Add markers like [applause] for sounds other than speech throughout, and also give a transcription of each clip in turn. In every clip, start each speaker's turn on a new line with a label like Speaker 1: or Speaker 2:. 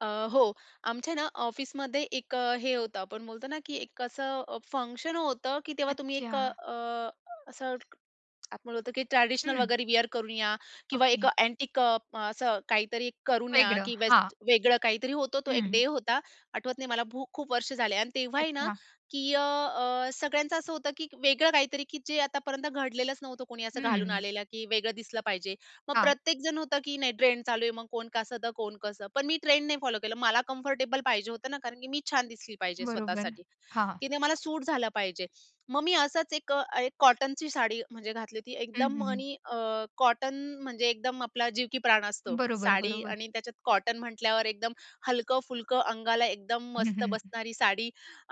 Speaker 1: अ, हो, आमच्या ना ऑफिसमध्ये एक अ, हे होतं, आपण बोलतो ना की एक असं फंक्शन होतं की तेव्हा तुम्ही एक अ,
Speaker 2: अच्छा.
Speaker 1: असं आपण म्हणतो की ट्रेडिशनल
Speaker 2: हं.
Speaker 1: वगैरे वेअर करून या किंवा एक
Speaker 2: ओके.
Speaker 1: अँटिक अ, असं काहीतरी करून या
Speaker 2: वेगळं
Speaker 1: की
Speaker 2: हां.
Speaker 1: बेस्ट वेगळं काहीतरी होतं, तो एक
Speaker 2: हं.
Speaker 1: डे होता. आठवतं नाही मला खूप-खूप वर्ष झाले आणि तेव्हाही ना
Speaker 2: अच्छा.
Speaker 1: की अ, अ सगळ्यांचं असं होतं की वेगळं काहीतरी की जे आतापर्यंत घडलेलंच नव्हतं, कोणी असं घालून
Speaker 2: हं.
Speaker 1: आलेलं की वेगळं दिसलं पाहिजे. मग
Speaker 2: हां.
Speaker 1: प्रत्येक जण होतं की नाही ट्रेंड चालू आहे, मग कोण कसं, तर कोण कसं? पण मी ट्रेंड नाही फॉलो केलं, मला कम्फर्टेबल पाहिजे होतं ना, कारण की मी छान दिसली पाहिजे
Speaker 2: बरोबर.
Speaker 1: स्वतःसाठी.
Speaker 2: हां, हां.
Speaker 1: की ते मला सूट झालं पाहिजे. मग मी असाच एक अ, एक कॉटनची साडी म्हणजे घातली होती
Speaker 2: हं,
Speaker 1: एकदम
Speaker 2: हं, हं.
Speaker 1: आणि अ, कॉटन म्हणजे एकदम आपला जीव की प्राण असतो.
Speaker 2: बरोबर,
Speaker 1: साडी
Speaker 2: बरोबर.
Speaker 1: आणि त्याच्यात कॉटन म्हटल्यावर एकदम हलकं-फुलकं अंगाला एकदम
Speaker 2: हं,
Speaker 1: मस्त
Speaker 2: हं.
Speaker 1: बसणारी साडी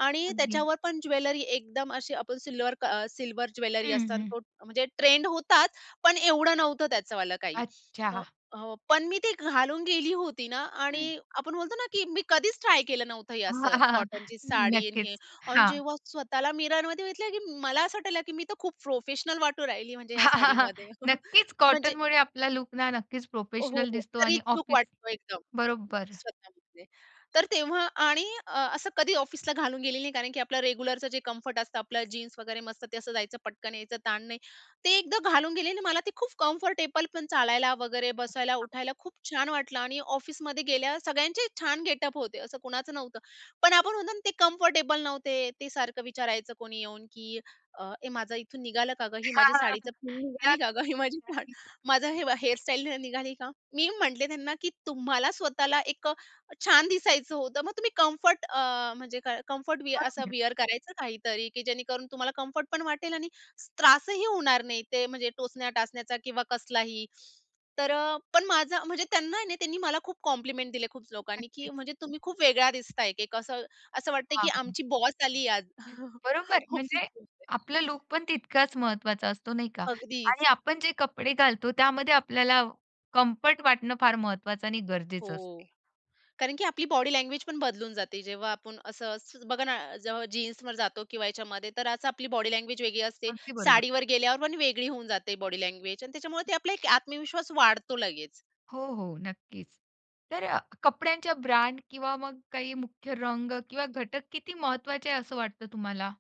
Speaker 1: आणि
Speaker 2: अगदी.
Speaker 1: त्याच्यावर पण ज्वेलरी एकदम अशी आपण सिल्वर क सिल्वर ज्वेलरी
Speaker 2: हं,
Speaker 1: असताना
Speaker 2: हं.
Speaker 1: तो म्हणजे ट्रेंड होताच, पण एवढं नव्हतं त्याचंवाल काही.
Speaker 2: अच्छा.
Speaker 1: अ,
Speaker 2: [chuckles]
Speaker 1: हो, पण मी ती घालून गेली होती ना
Speaker 2: हं.
Speaker 1: आणि आपण बोलतो ना की मी कधीच ट्राय केलं नव्हतं हे
Speaker 2: हां,
Speaker 1: असं
Speaker 2: हां
Speaker 1: कॉटनची साडी आणि
Speaker 2: नक्कीच
Speaker 1: हे आणि
Speaker 2: हां.
Speaker 1: जेव्हा स्वतःला मिररमध्ये बघितलं की मला असं वाटलं की मी तर खूप प्रोफेशनल वाटू राहिली, म्हणजे ह्या
Speaker 2: हां, हां, हां,
Speaker 1: साडीमध्ये [chuckles]
Speaker 2: नक्कीच
Speaker 1: म्हणजे
Speaker 2: कॉटनमुळे आपला लूक ना नक्कीच
Speaker 1: अ, हो
Speaker 2: प्रोफेशनल दिसतो
Speaker 1: तर
Speaker 2: आणि
Speaker 1: रिच लूक
Speaker 2: ऑफिस
Speaker 1: वाटतो एकदम
Speaker 2: बरोबर.
Speaker 1: स्वतःमध्ये. तर तेव्हा आणि अ, असं कधी ऑफिसला घालून गेली नाही, कारण की आपलं रेग्युलरचं जे कम्फर्ट असतं आपलं जीन्स वगैरे मस्त, ते असं जायचं, पटकन यायचं, ताण नाही ते एकदा घालून गेली आणि मला ते खूप कम्फर्टेबल पण चालायला वगैरे, बसायला, उठायला खूप छान वाटलं आणि ऑफिसमध्ये गेल्यावर सगळ्यांचे छान गेटअप होते, असं कुणाचं नव्हतं. पण आपण म्हणतो ना, ते कम्फर्टेबल नव्हते, ते सारखं विचारायचं कोणी येऊन की अ, "ए माझं इथून निघालं का गं? ही
Speaker 2: हां,
Speaker 1: माझी
Speaker 2: हां, हां.
Speaker 1: साडीची पिन निघाली
Speaker 2: नक्क
Speaker 1: का गं? ही माझी साडी,
Speaker 2: नक्कीच.
Speaker 1: माझं हे, हेअर स्टाईल निघाली का?" मी म्हटले त्यांना की तुम्हाला स्वतःला एक अ, छान दिसायचं होतं, मग तुम्ही कम्फर्ट अ, म्हणजे का कम्फर्ट असं
Speaker 2: [unintelligible]
Speaker 1: वेअर करायचं काहीतरी की जेणेकरून तुम्हाला कम्फर्ट पण वाटेल आणि त्रासही होणार नाही, ते म्हणजे टोचण्या टाचण्याचा किंवा कसलाही, तर अ, पण माझा म्हणजे त्यांना ना, त्यांनी मला खूप कॉम्प्लिमेंट दिले खूप लोकांनी की
Speaker 2: नक्कीच.
Speaker 1: म्हणजे तुम्ही खूप वेगळ्या दिसताय एक कसं, असं वाटतंय की
Speaker 2: हां, हां.
Speaker 1: आमची बॉस आलीये आज [chuckles]
Speaker 2: बरोबर म्हणजे
Speaker 1: ऑफिसमध्ये.
Speaker 2: आपलं लूकपण तितकाच महत्वाचा असतो नाही का
Speaker 1: अगदीच
Speaker 2: आणि आपण जे कपडे घालतो त्यामध्ये आपल्याला कम्फर्ट वाटणं फार महत्वाचं आणि गरजेचं असते.
Speaker 1: हो, कारण की आपली बॉडी लँग्वेज पण बदलून जाते. जेव्हा आपण असं असं बघा ना, जेव्हा जीन्सवर जातो किंवा ह्याच्यामध्ये, तर अस आपली बॉडी लँग्वेज वेगळी असते.
Speaker 2: अगदी बरोबर.
Speaker 1: साडीवर गेल्यावर पण वेगळी होऊन जाते बॉडी लँग्वेज आणि त्याच्यामुळे ते आपला एक आत्मविश्वास वाढतो लगेच.
Speaker 2: हो, हो नक्कीच. तर अ, कपड्यांच्या ब्रँड किंवा मग काही मुख्य रंग किंवा घटक किती महत्वाचे आहे, असं वाटत तुम्हाला?